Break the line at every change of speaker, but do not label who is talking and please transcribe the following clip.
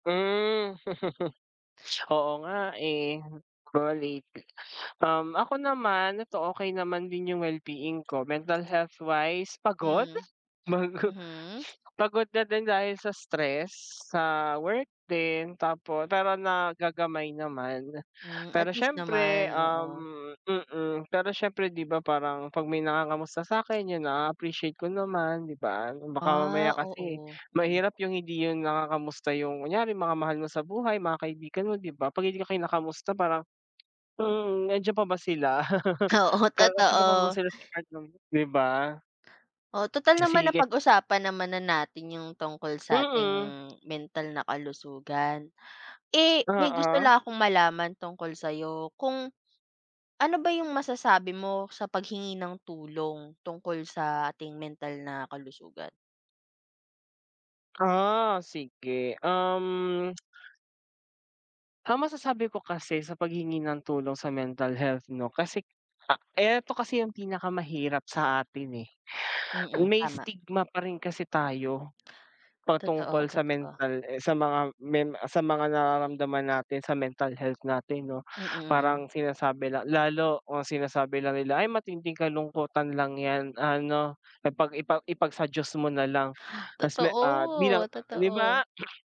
Hmm, oo, nga, eh, valid. Um, ako naman, eto, okey naman din yung well-being ko, mental health-wise, pagod?
Hmm,
Mag
mhm.
pagod na din dahil sa stress sa work din, tapo pero nagagamay naman.
Hmm, at
Pero,
least
siyempre,
naman,
um,
oo.
mm, pero siyempre, di ba, parang pag may nangangamusta sa akin, 'yun, ah, na-appreciate ko naman, di ba? Baka mamaya
Ah,
kasi
oo, mm.
mahirap yung hindi yun nangangamusta yung kunyari mga mahal mo sa buhay, mga kaibigan mo, di ba, pag hindi ka kinakamusta parang, mhm, nandiyan pa ba sila?
Oo,
Kasama pa ba
totoo.
sila sa part nang, di ba?
Oh, tutal
Ah,
naman na
sige.
pag-usapan naman na natin yung tungkol sa ating
Mm.
mental na kalusugan. Eh, may gusto
Oo.
lang akong malaman tungkol sa'yo kung ano ba yung masasabi mo sa paghingi ng tulong tungkol sa ating mental na kalusugan?
Ah, sige, um. Ah, masasabi ko kasi sa paghingi ng tulong sa mental health 'no, kasi, ah, eto kasi yung pinakamahirap sa atin, eh,
Mm,
may
tama.
stigma pa rin kasi tayo.
Totoo,
Patungkol sa
totoo.
mental, eh, sa mga men sa mga nararamdaman natin sa mental health natin, 'no.
Mm.
Parang sinasabi la lalo kung sinasabi lang nila, ay matinding kalungkutan lang ’yan, ano, ipag ipa ipag sa Diyos mo na lang. Ta's me ah, bilang,
Totoo,
ah, di ba?
totoo.